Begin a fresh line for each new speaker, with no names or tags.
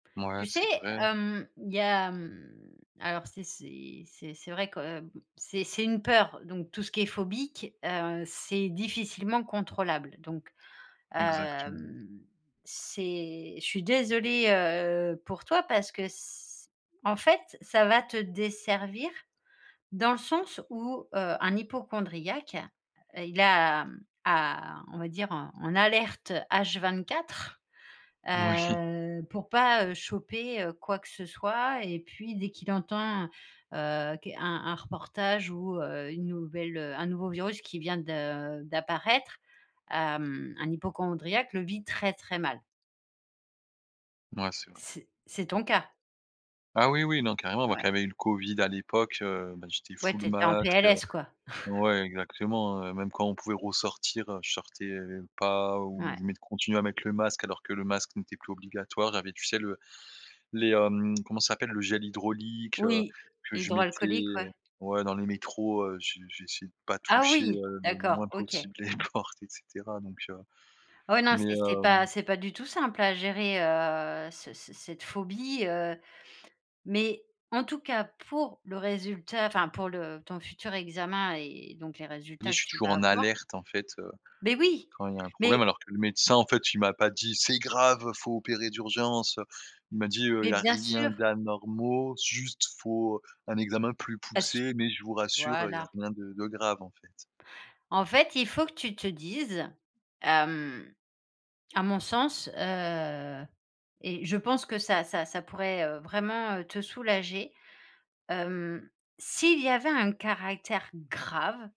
Mouais,
Tu sais,
c'est vrai.
hem, il y a, hem, alors, c'est c'est c'est c'est vrai que b c'est c'est une peur! Donc, tout ce qui est phobique, heu, c'est difficilement contrôlable. Donc,
Exactement.
hem, c'est je suis désolée, heu, pour toi parce que c c en fait, ça va te desservir, dans le sens où, heu, un hypocondriaque, heu, il a a on va dire, en alerte H24,
Moui!
heu, pour pas, heu, choper, heu, quoi que ce soit. Et puis, dès qu'il entend, heu, qu un un reportage ou, heu, une nouvelle, heu un nouveau virus qui vient de d'apparaître, hem, un hypocondriaque le vit très, très mal.
Mouais, c'est vrai.
C c'est ton cas?
Ah, oui, oui non carrément! Moi qui
Mouais.
avait eu le covid à l'époque, heu, bah, j'étais
Ouais,
full
tu étais en
masque, heu
PLS, quoi?
ouais exactement, heu, même quand on pouvait ressortir, heu, je sortais, heu, v pas ou
Ouais.
je met je continuais à mettre le masque, alors que le masque n'était plus obligatoire. Il y avais tu sais le les, hem, comment ça s'appelle, le gel hydraulique, heu,
Oui,
que je
hydroalcoolique, ouais.
mettais ouais, dans les métros, heu, j j'essayais de pas
Ah
toucher,
oui!
heu, le
D'accord,
moins
OK.
possible les portes, et cetera donc, heu,
Ouais non,
mais,
c c'est pas
hem
c'est pas du tout simple à gérer, heu, ce ce cette phobie, heu. Mais, en tout cas, pour le résultat enfin, pour le ton futur examen et donc les
Dis,
résultats
je
que
suis
tu
toujours
vas
en
avoir
alerte en fait, heu,
Mais oui!
quand il y a un problème
Mais
alors que le médecin, en fait, il m'a pas dit: «C'est grave, faut opérer d'urgence, heu!» il m'a dit: «Heu, il
Mais,
y a
bien
rien
sûr!
d'anormaux, juste, faut un examen plus
Parce
poussé mais je vous rassure, heu, il y a
voilà.
rien de de grave en fait.»
En fait, il faut que tu te dises, hem, à mon sens, heu,- et je pense que ça ça ça pourrait, heu, vraiment, heu, te soulager. Hem, s'il y avait un caractère grave